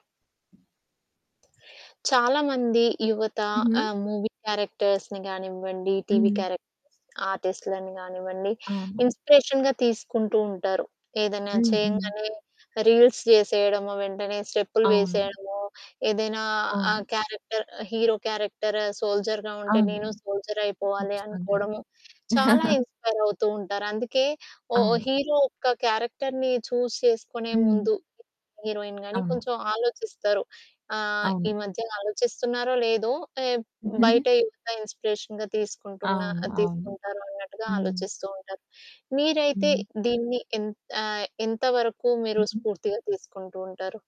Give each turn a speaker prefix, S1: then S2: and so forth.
S1: చాలా మంది యువత
S2: హుహు.
S1: ఆహ్, మూవీ క్యారెక్టర్స్‌ని గానివ్వండి, టీవీ
S2: హ్మ్.
S1: క్యారెక్ ఆర్టిస్టులని కానివ్వండి,
S2: అవును.
S1: ఇన్స్పిరేషన్‌గా తీసుకుంటూ ఉంటారు. ఏదైనా
S2: హ్మ్. హ్మ్.
S1: చేయంగానే రీల్స్ చేసేయడం, వెంటనే స్టెప్పులు
S2: అవును.
S1: వేసేయడం, ఏదైనా
S2: అవును.
S1: ఆహ్, క్యారెక్టర్, హీరో క్యారెక్టర్ సోల్జర్‌గా ఉంటే
S2: అవును.
S1: "నేను సోల్జర్‌గా అయిపోవాలి."
S2: ఖచ్చితంగా.
S1: అనుకోవడం చాలా ఇన్స్పైర్ అవుతూ ఉంటారు. అందుకే ఓ
S2: అవును.
S1: హీరో ఒక క్యారెక్టర్‌ని చూస్ చేసుకునే
S2: హ్మ్.
S1: ముందు హీరోయిన్‌గా గాని
S2: అవును.
S1: కొంచెం ఆలోచిస్తారు. ఆహ్,
S2: అవును.
S1: ఈ మధ్య ఆలోచిస్తున్నారో లేదో ఏ బయట యువత ఇన్స్పిరేషన్‌గా
S2: అవును. అవును.
S1: తీసుకుంటారు అన్నట్టుగా
S2: హ్మ్.
S1: ఆలోచిస్తూ ఉంటారు. మీరైతే
S2: హ్మ్.
S1: దీన్ని ఆహ్, ఎంత వరకు మీరు
S2: హుహు.
S1: స్పూర్తిగా తీసుకుంటూ ఉంటారు.